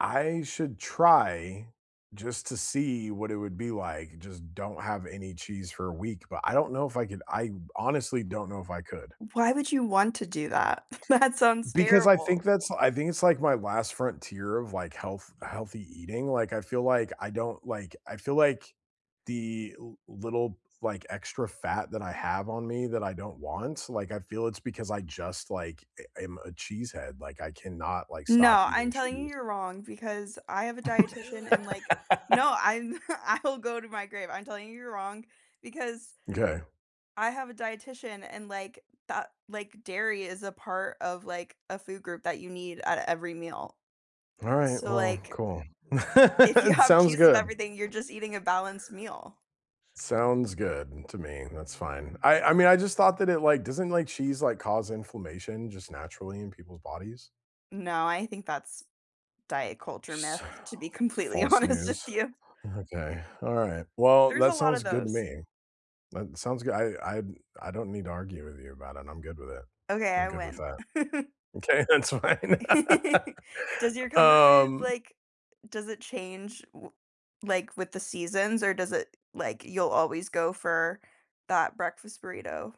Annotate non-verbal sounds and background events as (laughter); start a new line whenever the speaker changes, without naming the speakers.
I should try just to see what it would be like, just don't have any cheese for a week, but I don't know if I could I honestly don't know if I could.
Why would you want to do that? (chuckles) That sounds
Because I think
terrible.
that's I think it's like my last frontier of like health healthy eating, like, I feel like I don't like, I feel like the li little like extra fat that I have on me that I don't want, like, I feel it's because I just like, eh, I'm a cheesehead, like I cannot like stop
No, I'm
eating
telling you
cheese.
you're wrong because I have a dietitian and like, no,
(laughs)
I'm (chuckles) I'll go to my grave. I'm telling you you're wrong because,
M'kay.
I have a dietitian and like that like dairy is a part of like a food group that you need at every meal.
All right,
So
well,
like
cool.
If you
(laughs)
have
Sounds
cheese with
good.
everything, you're just eating a balanced meal.
Sounds good to me, that's fine. I I mean, I just thought that it like doesn't like cheese like cause inflammation just naturally in people's bodies?
No, I think that's
(sighs)
diet-culture myth,
So
to be completely
false
honest with
news.
you.
Okay, all right, well,
There's a
that
lot of
sounds good to
those.
me. That sounds goo I I I don't need to argue with you about it, I'm good with it.
Okay,
I'm
I
good with
win.
that.
(laughs)
Okay, that's fine.
(laughs)
(laughs)
Does your comfort food,
Um
like, does it change w w like with the seasons, or does it like you'll always go for that breakfast burrito?